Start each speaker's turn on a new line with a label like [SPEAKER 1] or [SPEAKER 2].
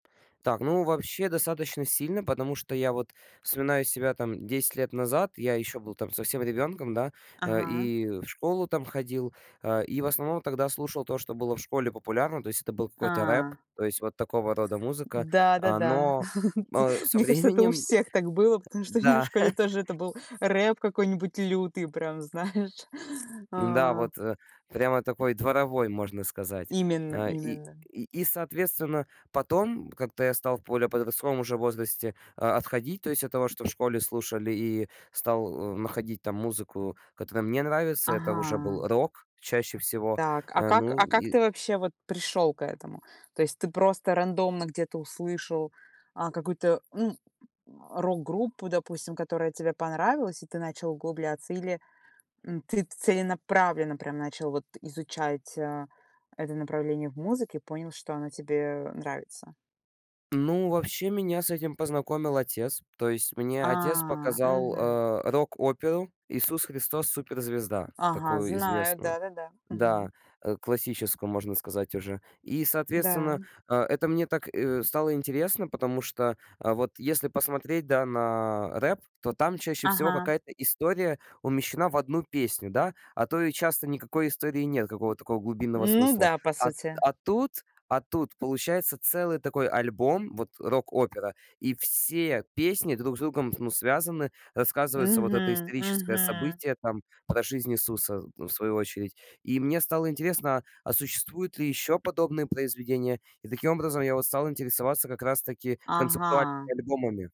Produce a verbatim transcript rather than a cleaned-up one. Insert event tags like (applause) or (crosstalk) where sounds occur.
[SPEAKER 1] Так, ну вообще достаточно сильно, потому что я вот вспоминаю себя там десять лет назад, я еще был там совсем ребенком, да. А,
[SPEAKER 2] Ага.
[SPEAKER 1] и в школу там ходил, а, и в основном тогда слушал то, что было в школе популярно, то есть это был какой-то рэп,
[SPEAKER 2] А.
[SPEAKER 1] то есть вот такого рода музыка.
[SPEAKER 2] Да-да-да,
[SPEAKER 1] Оно,
[SPEAKER 2] (chuckles) тут
[SPEAKER 1] а, со
[SPEAKER 2] мне кажется, это у
[SPEAKER 1] временем Х
[SPEAKER 2] всех так было, потому что у меня в
[SPEAKER 1] м-да.
[SPEAKER 2] школе тоже это
[SPEAKER 1] (laughs)
[SPEAKER 2] был рэп какой-нибудь лютый, прям знаешь.
[SPEAKER 1] М-да,
[SPEAKER 2] А.
[SPEAKER 1] вот, э, прямо такой дворовой, можно сказать.
[SPEAKER 2] Именно
[SPEAKER 1] Э, и
[SPEAKER 2] именно.
[SPEAKER 1] и, соответственно, потом как-то я стал в более подростковом уже возрасте, а, отходить, то есть от того, что в школе слушали, и стал, э, находить там музыку, которая мне нравится. Это уже был
[SPEAKER 2] Ага.
[SPEAKER 1] рок чаще всего.
[SPEAKER 2] Так, а
[SPEAKER 1] А,
[SPEAKER 2] как
[SPEAKER 1] ну,
[SPEAKER 2] а как
[SPEAKER 1] и
[SPEAKER 2] ты вообще вот пришёл к этому? То есть ты просто рандомно где-то услышал, а, какую-то, м, (grunts) рок-группу, допустим, которая тебе понравилась, и ты начал углубляться, или, м, ты целенаправленно прям начал вот изучать, э, это направление в музыке, понял, что оно тебе нравится?
[SPEAKER 1] Ну, вообще меня с этим познакомил отец. То есть мне
[SPEAKER 2] А,
[SPEAKER 1] отец показал,
[SPEAKER 2] мгм.
[SPEAKER 1] э, рок-оперу "Иисус Христос- суперзвезда",
[SPEAKER 2] Ага,
[SPEAKER 1] такую
[SPEAKER 2] знаю,
[SPEAKER 1] известную.
[SPEAKER 2] да-да-да.
[SPEAKER 1] Да,
[SPEAKER 2] Мгм.
[SPEAKER 1] э, классическую, можно сказать, уже. И,
[SPEAKER 2] Да.
[SPEAKER 1] соответственно, а, это мне так, э, стало интересно, потому что, а, вот если посмотреть, да, на рэп, то там чаще всего
[SPEAKER 2] Ага.
[SPEAKER 1] какая-то история умещена в одну песню, да. А то и часто никакой истории нет, какого-то такого глубинного
[SPEAKER 2] Ну
[SPEAKER 1] смысла.
[SPEAKER 2] да, по
[SPEAKER 1] А
[SPEAKER 2] сути.
[SPEAKER 1] а тут, а, тут получается целый такой альбом, вот, рок-опера, и все песни друг с другом, ну, связаны. Рассказывается вот это
[SPEAKER 2] Мгм
[SPEAKER 1] историческое
[SPEAKER 2] мгм.
[SPEAKER 1] событие, там, про жизнь Иисуса, ну, в свою очередь. И мне стало интересно: а существуют ли ещё подобные произведения? И таким образом я вот стал интересоваться как раз-таки концептуальными
[SPEAKER 2] Ага.
[SPEAKER 1] альбомами.